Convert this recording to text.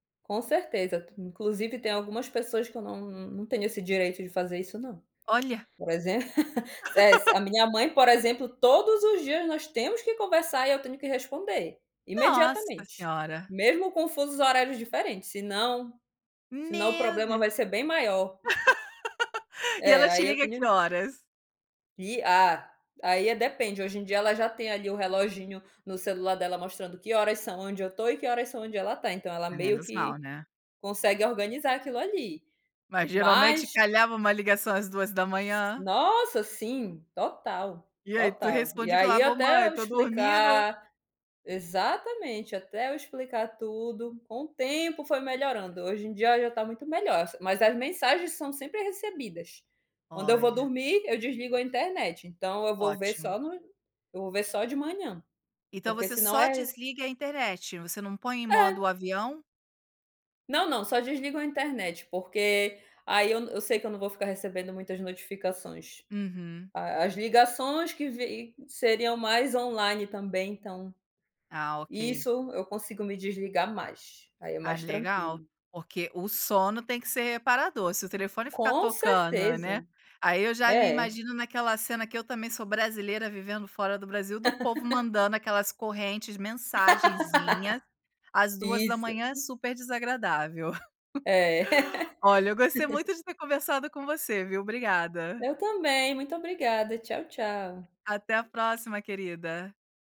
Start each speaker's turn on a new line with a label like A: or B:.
A: Com certeza, inclusive tem algumas pessoas que eu não não tenho esse direito de fazer isso não,
B: Olha.
A: por exemplo, [unintelligible] a minha mãe, por exemplo, todos os dias nós temos que conversar e eu tenho que responder
B: Nossa
A: imediatamente.
B: Senhora!
A: Mesmo com fusos horários diferentes, senão senão o
B: Meu
A: problema
B: Deus.
A: vai ser bem maior.
B: E
A: É,
B: ela te
A: aí eu
B: liga que
A: tenho
B: horas?
A: que ah, aí, eh, depende, hoje em dia ela já tem ali o reloginho no celular dela mostrando que horas são onde eu tô e que horas são onde ela tá, então ela meio
B: Menos mal,
A: que
B: né?
A: consegue organizar aquilo ali.
B: Mas geralmente
A: Mas
B: calhava uma ligação às 2h00?
A: Nossa! Sim, total,
B: E aí tu
A: total. E
B: respondia e
A: aí
B: falava, "oh, mãe,
A: até eu
B: tô dormindo".
A: explicar exatamente. Até eu explicar tudo, com o tempo foi melhorando, hoje em dia ela já tá muito melhor, s mas as mensagens são sempre recebidas. Quando eu vou
B: Olha.
A: dormir, eu desligo a internet, então eu vou ver
B: Ótimo.
A: só no eu vou ver só de manhã,
B: Então
A: porque
B: você
A: senão
B: só
A: é
B: desliga a internet, você não põe em modo
A: É.
B: avião?
A: Não, não, só desligo a internet, porque aí eu eu sei que eu não vou ficar recebendo muitas notificações.
B: Uhum.
A: A as ligações que vi seriam mais on-line também então,
B: Ah, ok.
A: isso, eu consigo me desligar mais, aí é
B: Ah,
A: mais
B: legal,
A: tranquilo.
B: porque o sono tem que ser reparador, se o telefone ficar
A: Com
B: tocando, né,
A: certeza!
B: aí eu já me
A: É.
B: imagino naquela cena que eu também sou brasileira vivendo fora do Brasil do povo mandando aquelas correntes, mensagenzinhas, às duas da
A: Isso.
B: manhã, super desagradável.
A: É.
B: Olha, eu gostei muito de ter conversado com você, viu, obrigada.
A: Eu também, muito obrigada, tchau, tchau.
B: Até a próxima, querida.